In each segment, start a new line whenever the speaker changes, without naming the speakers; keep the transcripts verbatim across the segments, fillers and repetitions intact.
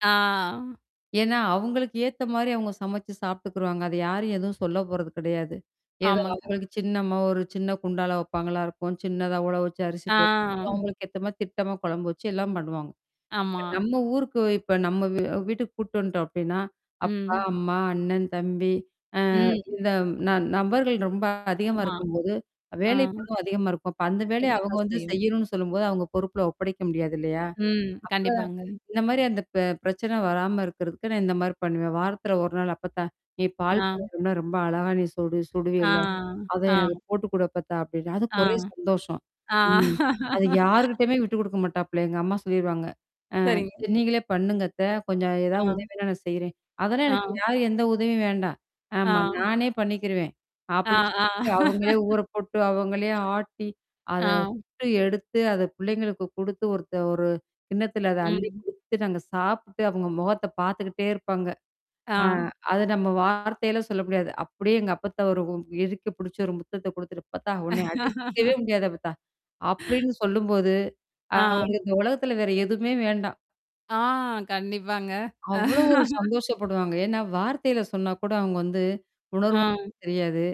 ஆ.
ஏன்னா, அவங்களுக்கு ஏத்த மாரி அவங்க சமைச்சு சாப்பிட்டுக்குருவாங்க. அத யாரும் எதுவும் சொல்ல போறது கெடையாது. ஏதோ
ஆமாங்க.
அவங்களுக்கு சின்னம்மா ஒரு சின்ன குண்டால வெப்பாங்களா இருக்கும். சின்னதா உள வச்சு அரிசி போட்டு,
ஆ.
அவங்களுக்கு ஏத்த மாரி திட்டமா கொழம்பு வச்சு எல்லாம் பண்ணுவாங்க. இப்ப
ஆமா.
நம்ம ஊருக்கு, இப்ப நம்ம வீ வீட்டுக்கு கூட்டு வந்துட்டோம் அப்டின்னா, அப்பா,
ம்.
அம்மா, அண்ணன், தம்பி, அ
ம்.
இந்த ந நபர்கள் ரொம்ப அதிகமா
ஆமா.
இருக்கும்போது,
ஆ.
வேலை பளு அதிகமா இருக்கும். அப்ப அந்த வேலைய அவங்க
இருக்கத்தான்
வந்து
செய்யும்.
செய்யணும்ன்னு சொல்லும்போது, அவங்க பொறுப்புல ஒப்படைக்க முடியாது இல்லையா?
ம். கண்டிப்பாங்க.
அப்ப இந்த மாரி அந்த பி பிரச்சனை வராம இருக்கிறதுக்கு, நான் இந்த மாரி பண்ணுவேன். வாரத்தில ஒரு நாள், "அப்பத்தா, நீ
ஆ.
பால் பணியாரம்ன்னா ரொம்ப அழகா நீ சுடு
ஆ.
சுடுவீல்ல. அதே
ஆ.
அத போட்டு குடு அப்பத்தா." அப்படின்னா,
ஆ.
அதுக்கு ஒரே சந்தோஷம்.
ஆ.
ம். அது யார்கிட்டயுமே விட்டு குடுக்க மாட்டாப்புல. எங்க அம்மா சொல்லிருவாங்க, "அ
சரிங்க.
சரி நீங்களே பண்ணுங்க அத்த. கொஞ்சம் ஏதாவது
ஆ.
உதவின்னா நான் செய்றேன்", "அதெல்லாம்
ஆ.
எனக்கு யாரு எந்த உதவியும் வேண்டாம்.
ஆ.
ஆமா. நானே பண்ணிக்கிருவேன்."
ஆ,
அப்படின்னு
ஆ.
சொல்லிட்டு, அவுங்களே ஊற போட்டு, அவங்களே ஆட்டி, அத
ஆ.
சுட்டு எடுத்து, அத பிள்ளைங்களுக்கு குடுத்து, ஒருத்த ஒரு கிண்ணத்தில அத அள்ளிக்
ம்.
குடுத்துட்டு, அந்த சாப்புட்டு, அவங்க முகத்த பார்த்துக்கிட்டே இருப்பாங்க. ஆ
ஆ.
அது நம்ம வார்த்தையில சொல்ல முடியாது. அப்படியே எங்க அப்பாத்தாவ ஒரு இறுக்கி புடிச்ச ஒரு முத்தத்த குடுத்துட்டு, "அப்பத்தா! ஒன்னைய அடிச்சுக்கவே முடியாது அப்பத்தா." அப்படின்னு சொல்லும்போது,
ஆ.
அவங்க இந்த உலகத்தில வேற எதுவுமே வேண்டாம்.
ஆ, கண்டிப்பாங்க.
அவ்வளோ ஒரு சந்தோஷப்படுவாங்க. ஏன்னா வார்த்தையில சொன்னா கூட அவங்க வந்து
ஆ.
உணர்வு தெரியாது.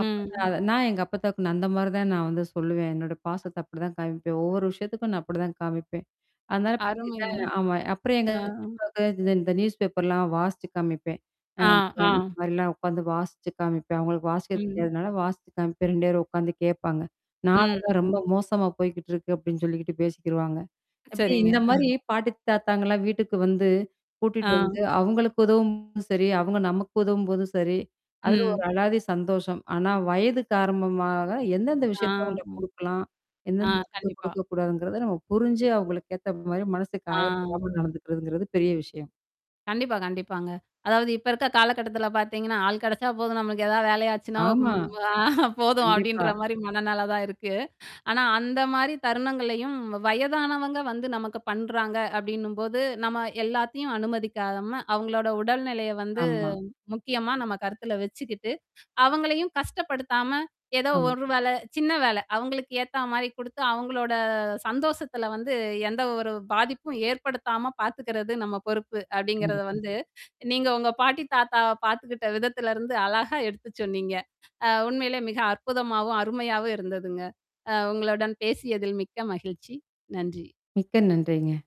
அப்ப நான் நான் எங்க அப்பாத்தாவுக்கு, நான் அந்த மாரி தான் நான் வந்து சொல்லுவேன். என்னோட பாசத்த அப்படிதான் காமிப்பேன். ஒவ்வொரு விஷயத்துக்கும் நான் அப்படிதான் காமிப்பேன். அதனால
அருமைங்க.
பார்த்தீங்கன்னா ஆமா, அப்புறம் எங்க
ஆ.
பெரியப்பவுக்கு இந்த இந்த நியூஸ்பேப்பர்லாம் வாசிச்சு காமிப்பேன்.
ஆ,
அப்ப இந்த
ஆ.
மாரிலாம் உட்காந்து வாசிச்சு காமிப்பேன். அவங்களுக்கு வாசிக்க
ம்.
தெரியாதனால, வாசிச்சு காமிப்பேன். ரெண்டு பேரும் உட்காந்து கேப்பாங்க.
ம்,
"நாடெல்லாம் ரொம்ப
ம்.
மோசமா போய்க்கிட்டுருக்கு." அப்படின்னு சொல்லிகிட்டு பேசிக்கிருவாங்க. அப்படி
சரிங்க.
இந்த
அ.
மாரி, பாட்டி தாத்தாங்கலாம் வீட்டுக்கு வந்து கூட்டிட்டு
ஆ.
வந்து, அவங்களுக்கு உதவும்போதும் சரி, அவங்க நமக்கு உதவும்போதும் சரி, அதுல ஒரு
ம்.
அலாதி சந்தோஷம். ஆனா வயது காரம்பமாக எந்தெந்த
ஆ, அ.
விஷயத்த அவுங்கள்ட்ட குடுக்கலாம்?
ஆ,
எந்தெந்த விஷயத்த
கண்டிப்பா.
குடுக்கக்கூடாதுங்கிறத நம்ம புரிஞ்சு அவங்களுக்கு ஏத்த மாரி மனசுக்கு
ஆ.
காயப்படாம
ம்.
நடந்துக்கிறதுங்கிறது பெரிய விஷயம்.
கண்டிப்பா, கண்டிப்பாங்க. அதாவது இப்ப இருக்க காலகட்டத்தில பாத்தீங்கன்னா, "ஆள் கெடைச்சா போதும், நம்மளுக்கு ஏதாவது வேலையாச்சுன்னா, ம்
ஆமா.
அ போதும்."
கண்டிப்பா.
அப்படின்ற மாரி மனநெலை தான் இருக்கு. ஆனா அந்த மாரி தருணங்கள்லையும், வயதானவங்க வந்து நமக்கு பண்றாங்க அப்படின்னும்போது, "நம்ம எல்லாத்தையும் அனுமதிக்காம, அவங்களோட உடல்நிலைய வந்து
ஆமா.
முக்கியமா நம்ம கருத்துல வச்சுக்கிட்டு, அவங்களையும் கஷ்டப்படுத்தாம, ஏதோ
ஆம்
ஒரு வேல சின்ன வேலை, அவங்களுக்கு ஏத்தா மாரி குடுத்து, அவங்களோட சந்தோஷத்தில வந்து எந்த ஒரு பாதிப்பும் ஏற்படுத்தாம பாத்துக்கிறது நம்ம பொறுப்பு." அப்படிங்கிறத
கண்டிப்பா.
வந்து, நீங்க உங்க பாட்டி தாத்தாவ பார்த்துக்கிட்ட விதத்திலருந்து அழகா எடுத்து சொன்னீங்க. அ உண்மையிலே மிக அற்புதமாவும், அருமையாவும் இருந்ததுங்க. அ உங்களுடன் பேசியதில் மிக்க மகிழ்ச்சி. நன்றி.
மிக்க நன்றிங்க.